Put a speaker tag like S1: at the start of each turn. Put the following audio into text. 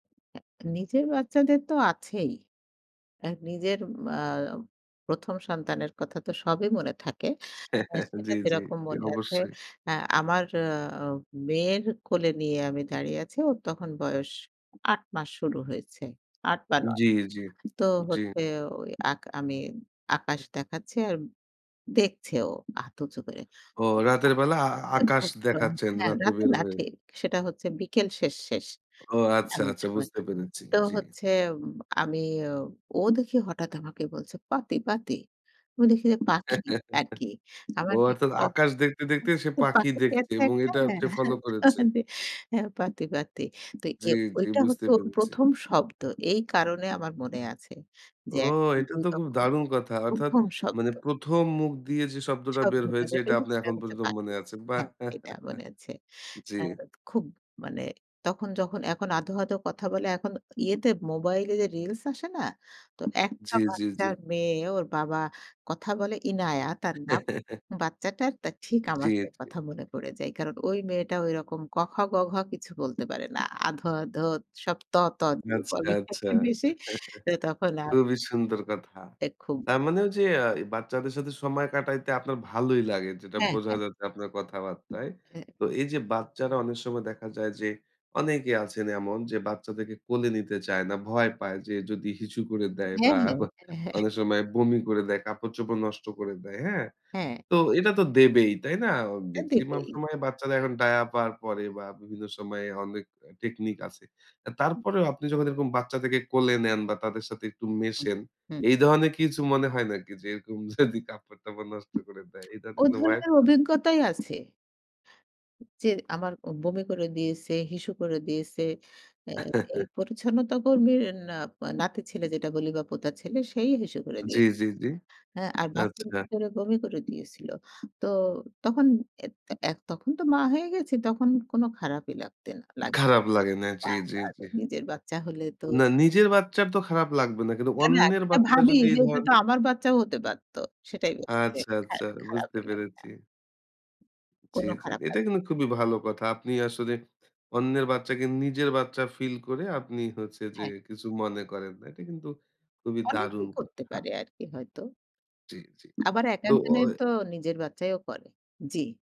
S1: নিজের বাচ্চাদের তো আছেই। অ্যা নিজের ম আ ১ম সন্তানের কথা তো সবই মনে থাকে। অ্যা সেটা
S2: জ্বী, জ্বী,
S1: যেরকম
S2: জ্বী
S1: মনে আছে
S2: অবশ্যই।
S1: অ্যা আমার আ মেয়ের কোলে নিয়ে আমি দাঁড়িয়ে আছি। ওর তখন বয়স ৮ মাস শুরু হয়েছে, ৮ বা ৯
S2: জ্বী, জ্বী,
S1: তো
S2: জ্বী।
S1: হচ্ছে ওই আক আমি আকাশ দেখাচ্ছি আর দেখছে ও হাত উঁচু করে
S2: ও রাতের বেলা আ আকাশ
S1: [unintelligible]
S2: দেখাচ্ছেন
S1: হ্যাঁ,
S2: রাতে
S1: রাতে
S2: বের
S1: না
S2: হয়ে?
S1: ঠিক। সেটা হচ্ছে বিকেল শেষ, শেষ
S2: ও আচ্ছা,
S1: এমন
S2: আচ্ছা
S1: সময়।
S2: বুঝতে পেরেছি।
S1: তো
S2: জ্বী।
S1: হচ্ছে উম আমি ও দেখি হঠাৎ আমাকে বলছে, "পাতি, পাতি।" ও দেখি যে পাখি, আরকি।
S2: ও
S1: আমার কি,
S2: অর্থাৎ
S1: প
S2: আকাশ দেখতে, দেখতে
S1: [unintelligible]
S2: সে পাখি
S1: পাখি
S2: দেখছে
S1: পেয়েছে
S2: এবং
S1: একটা,
S2: এটা
S1: হ্যাঁ।
S2: সে
S1: হ্যাঁ,
S2: ফলো করেছে।
S1: [unintelligible] হ্যাঁ, পারতি, পারতি। তো এ
S2: জ্বী, জ্বী,
S1: ঐটা
S2: বুঝতে
S1: হচ্ছে ওর
S2: পেরেছি।
S1: ১ম শব্দ। এই কারণে আমার মনে আছে, যে
S2: ও এটা
S1: এরকম
S2: তো খুব
S1: যখন
S2: দারুণ কথা! অর্থাৎ
S1: ১ম
S2: মানে
S1: শব্দ
S2: ১ম মুখ দিয়ে যে শব্দটা বের
S1: শব্দটা
S2: হয়েছে
S1: যেটা
S2: এটা
S1: হচ্ছে,
S2: আপনি
S1: সেটা
S2: এখন
S1: হচ্ছে
S2: পর্যন্ত মনে
S1: পাখি।
S2: আছে। বাহ!
S1: হ্যাঁ এটা মনে আছে।
S2: জ্বী।
S1: আ খুব মানে তখন যখন এখন আধো, আধো কথা বলে এখন ইয়েতে মোবাইলে যে রিলস আসে না, তো একটা
S2: জ্বী, জ্বী,
S1: বাচ্চা
S2: জ্বী।
S1: মেয়ে ওর বাবা কথা বলে, ইনায়া তার নাম বাচ্চাটার ঠিক আমার
S2: জ্বী,
S1: মেয়ের
S2: জ্বী।
S1: কথা মনে পড়ে যায়। কারণ ঐ মেয়েটা ঐরকম ক খ গ ঘ কিছু বলতে পারে না। আধো, আধো সব ত, ত দিয়ে
S2: আচ্ছা,
S1: বলে
S2: আচ্ছা।
S1: একটু বেশি তো তখন আর
S2: খুবই সুন্দর কথা।
S1: এ খুব।
S2: তার মানে যে আ বাচ্চাদের সাথে সময় কাটাইতে আপনার ভালোই লাগে। যেটা
S1: হ্যাঁ,
S2: বোঝা
S1: হ্যাঁ।
S2: যাচ্ছে আপনার কথাবার্তায়।
S1: এ
S2: তো এই যে বাচ্চারা অনেক সময় দেখা যায় যে অনেকেই আছেন এমন যে বাচ্চাদেরকে কোলে নিতে চায় না। ভয় পায় যে যদি হিসু করে দেয়
S1: হ্যাঁ,
S2: বা
S1: হ্যাঁ, হ্যাঁ, হ্যাঁ।
S2: অনেক সময় বমি করে দেয়, কাপড়-চোপড় নষ্ট করে দেয়। হ্যাঁ?
S1: হ্যাঁ।
S2: তো এটা তো দেবেই। তাই না?
S1: এ
S2: মেক্সিমাম
S1: দেবেই।
S2: সময় বাচ্চারা এখন ডায়াপার পরে বা বিভিন্ন সময়ে অনেক টেকনিক আছে।
S1: [unintelligible]
S2: তারপরেও আপনি যখন এরকম বাচ্চাদেরকে কোলে নেন বা তাদের সাথে একটু
S1: [unintelligible]
S2: মেশেন
S1: হুম।
S2: এই ধরনের কিছু মনে হয় নাকি যে এরকম যদি কাপড়-টাপড় নষ্ট করে দেয়, এই
S1: ও
S2: ধরনের কোনো ভয়
S1: ধরনের
S2: আছে?
S1: অভিজ্ঞতাই আছে যে আমার অ বমি করে দিয়েছে, হিসু করে দিয়েছে। অ্যা এই পরিচ্ছন্নতা কর্মীর না নাতির ছেলে যেটা বলি বা পোতার ছেলে সেই হিসু করে
S2: জ্বী,
S1: দিয়ে।
S2: জ্বী, জ্বী,
S1: হ্যাঁ, আর বাসের
S2: আচ্ছা।
S1: ভিতরে বমি করে দিয়েছিল। তো তখন এ এত তখন তো মা হয়ে গেছে তখন কোন খারাপই লাগতে না লাগে
S2: খারাপ লাগে না, জ্বী, জ্বী, জ্বী।
S1: [unintelligible] নিজের বাচ্চা হলে তো
S2: না, নিজের বাচ্চার তো খারাপ লাগবে না। কিন্তু
S1: না, না,
S2: অন্যের
S1: সেটা
S2: বাচ্চা
S1: ভাবি
S2: যদি এ
S1: যে এটা তো
S2: ধরনের
S1: আমার বাচ্চাও হতে পারত। সেটাই বলছি যে
S2: আচ্ছা, আচ্ছা,
S1: খারা
S2: বুঝতে
S1: খারাপই লাগে
S2: পেরেছি। জ্বী,
S1: কোনো
S2: জ্বী।
S1: খারাপ লাগে।
S2: এটা কিন্তু খুবই ভালো কথা। আপনি আসলে অন্যের বাচ্চাকে নিজের বাচ্চা ফিল করে আপনি হচ্ছে যে
S1: হ্যাঁ।
S2: কিছু মনে করেন না। এটা কিন্তু খুবই দারুণ
S1: অনেকেই করতে
S2: কথা।
S1: পারে আরকি হয়তো।
S2: জ্বী, জ্বী।
S1: আবার
S2: তো
S1: একেক
S2: আ
S1: জনের
S2: এ
S1: তো নিজের বাচ্চাইও করে। জ্বী।